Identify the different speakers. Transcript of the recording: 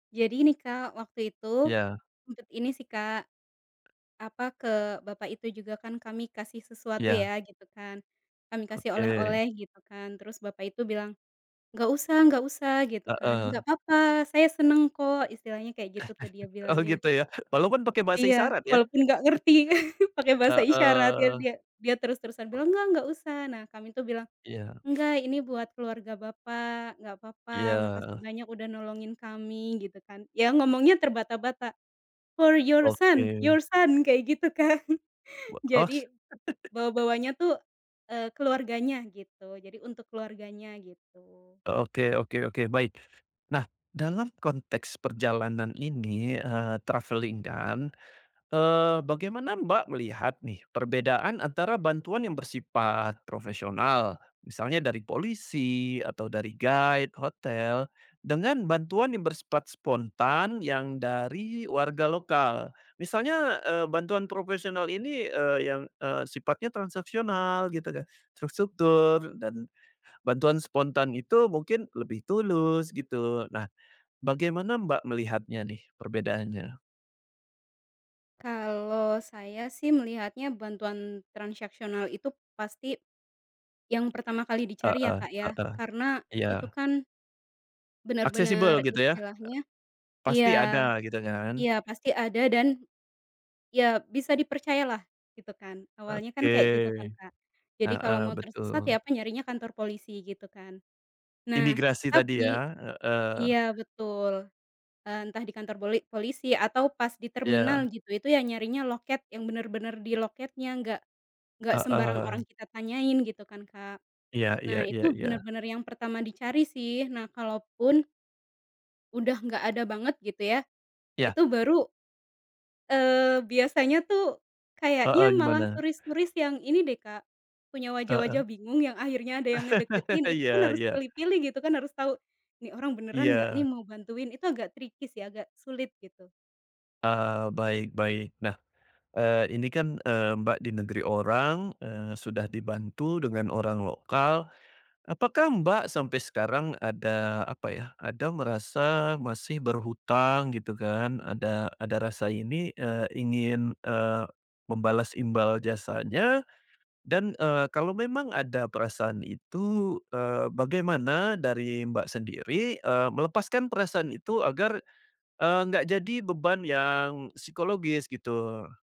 Speaker 1: Jadi nih Kak, waktu itu,
Speaker 2: Iya.
Speaker 1: sempet ini sih Kak, apa ke bapak itu juga kan kami kasih sesuatu
Speaker 2: Iya.
Speaker 1: ya gitu kan, kami kasih
Speaker 2: Oke.
Speaker 1: oleh-oleh gitu kan terus bapak itu bilang, "Enggak usah enggak usah" gitu kan, "enggak
Speaker 2: Heeh.
Speaker 1: apa-apa saya seneng kok" istilahnya kayak gitu tuh dia
Speaker 2: Oh
Speaker 1: bilangnya.
Speaker 2: gitu ya? Walaupun pakai bahasa
Speaker 1: Iya
Speaker 2: isyarat ya?
Speaker 1: walaupun gak ngerti pake bahasa isyarat, iya biar
Speaker 2: Heeh.
Speaker 1: dia dia terus-terusan
Speaker 2: E
Speaker 1: bilang enggak usah nah kami tuh bilang,
Speaker 2: Iya.
Speaker 1: "Enggak ini buat keluarga bapak enggak apa-apa makasih
Speaker 2: Iya.
Speaker 1: banyak udah nolongin kami" gitu kan ya ngomongnya terbata-bata, "for your son your
Speaker 2: Oke.
Speaker 1: son" kayak gitu kan
Speaker 2: [unintelligible]
Speaker 1: jadi, bawa-bawanya tuh, eee, keluarganya gitu jadi untuk keluarganya gitu.
Speaker 2: Oke oke oke baik, nah dalam konteks perjalanan ini, eee, travelling kan, eee, bagaimana Mbak, melihat nih perbedaan antara bantuan yang bersifat profesional misalnya dari polisi atau dari guide hotel, dengan bantuan yang bersifat spontan yang dari warga lokal, misalnya, eee, bantuan profesional ini, eee, yang, eee, sifatnya transaksional gitu kan terstruktur dan, bantuan spontan itu mungkin lebih tulus gitu, nah, bagaimana Mbak, melihatnya nih perbedaannya?
Speaker 1: Kalau saya sih melihatnya bantuan transaksional itu pasti, yang pertama kali dicari ya
Speaker 2: Heeh
Speaker 1: Kak, ya
Speaker 2: heeh,
Speaker 1: karena itu
Speaker 2: iya.
Speaker 1: kan benar
Speaker 2: Aksesibel
Speaker 1: benar
Speaker 2: gitu ya?
Speaker 1: istilahnya,
Speaker 2: Pasti
Speaker 1: iya,
Speaker 2: ada gitu kan?
Speaker 1: iya pasti ada dan, iya bisa dipercayalah gitu kan awalnya kan
Speaker 2: Oke,
Speaker 1: kayak gitu kan Kak, jadi kalau
Speaker 2: heeh,
Speaker 1: mau tersesat
Speaker 2: betul.
Speaker 1: ya apa nyarinya kantor polisi gitu kan, nah
Speaker 2: Imigrasi tadi ya,
Speaker 1: tapi
Speaker 2: heeh.
Speaker 1: iya betul, eee, entah di kantor poli polisi atau pas di
Speaker 2: Iya.
Speaker 1: terminal gitu itu yang nyarinya loket yang bener-bener di loketnya, enggak enggak sembarang orang
Speaker 2: Heeh.
Speaker 1: kita tanyain gitu kan Kak,
Speaker 2: Iya iya
Speaker 1: nah
Speaker 2: iya
Speaker 1: itu
Speaker 2: iya.
Speaker 1: bener-bener yang pertama dicari sih nah kalaupun udah nggak ada banget gitu ya,
Speaker 2: Iya.
Speaker 1: itu baru, eee, biasanya tuh, kayaknya
Speaker 2: Heeh,
Speaker 1: malah
Speaker 2: gimana?
Speaker 1: turis turis yang ini deh Kak, punya wajah-wajah
Speaker 2: Heeh.
Speaker 1: bingung yang akhirnya ada yang ngedeketin itu pun
Speaker 2: Iya
Speaker 1: harus
Speaker 2: iya.
Speaker 1: pilih-pilih gitu kan harus tahu, ini orang beneran enggak nih
Speaker 2: Iya.
Speaker 1: mau bantuin itu agak tricky sih agak sulit gitu.
Speaker 2: Eee, baik baik nah, eee, ini kan, eee, Mbak, di negeri orang, eee, sudah dibantu dengan orang lokal, apakah Mbak, sampai sekarang ada apa ya ada merasa masih berhutang gitu kan ada ada rasa ini, eee, ingin, eee, membalas imbal jasanya, dan, eee, kalau memang ada perasaan itu, eee, bagaimana dari Mbak sendiri, eee, melepaskan perasaan itu agar, eee, enggak jadi beban yang psikologis gitu?